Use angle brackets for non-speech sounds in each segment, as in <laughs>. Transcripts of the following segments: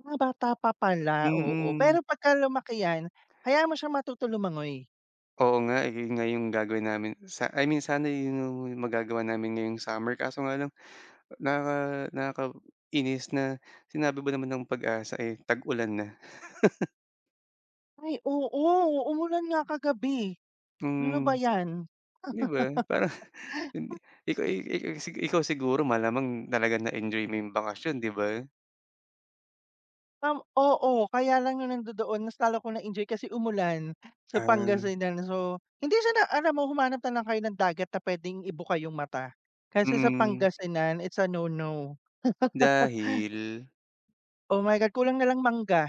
Mga bata pa pala, oo. Mm. Pero pagka lumaki 'yan, hayaan mo siyang matuto lumangoy. Oo, nga, eh, ayon nga yung gagawin namin sa I mean, sana yun yung magagawa namin ngayong summer, kaso nga lang, naka nakaka-inis na, sinabi ba naman ng PAG-ASA, eh, tag-ulan na. <laughs> Ay, oo, umulan nga kagabi. Hmm, 'no ba Hmm. 'yan? Di ba, parang, hindi <laughs> ikaw ey ey el sige, ikaw siguro malamang talagang na-enjoy mo yung bakasyon, 'di ba? Um, oo, kaya lang yung nandodoon mas lalo 'ko na-enjoy kasi umulan sa Ah. Pangasinan, so hindi siya na alam mo humanap na lang kayo ng dagat na pwedeng ibuka yung mata, kasi sa Mm. Pangasinan it's a no-no. <laughs> Dahil? Oh, my God, kulang na lang mangga,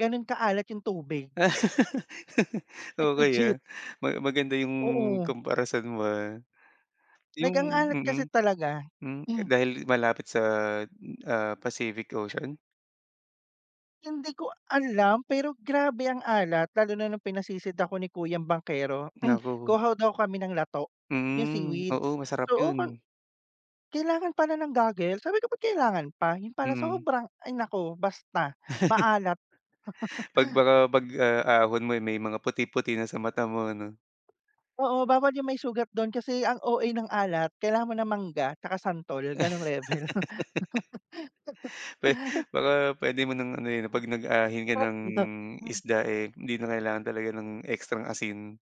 gano'n kaalat yung tubig. <laughs> Like Okey, ah. legit. Ma maganda yung Oo. comparison mo, ah. Yung Like, ang alat mm. kasi talaga, Hmm, ka hmm. dahil malapit sa, hmm, ah, Pacific Ocean? Hindi ko alam pero grabe ang alat, lalo na nung pinasisid ako ni kuyang bangkero. <clears throat> Naku. Kuha daw kami ng lato, yung Mm, oo, seaweeds, masarap so oken yun. kailangan pala ng goggles. Sabi ko, "Ba't kailangan pa?" yun pala Mm. sobrang ay, naku, basta maalat! <chuckles> Pag <chuckles> baka 'pag, ah, ahon mo, eh, may mga puti-puti na sa mata mo, 'no? Oo, bawal yung may sugat do'n, kasi ang OA ng alat, kailangan mo ng mangga 'tsaka santol, gano'ng level. <laughs> Pwe baka <laughs> pwede mo ng ano yun, eh, Hmm. 'pag nag-ahin ka Oh, ng ida pan. isda, eh, 'di na kailangan talaga ng ekstrang asin.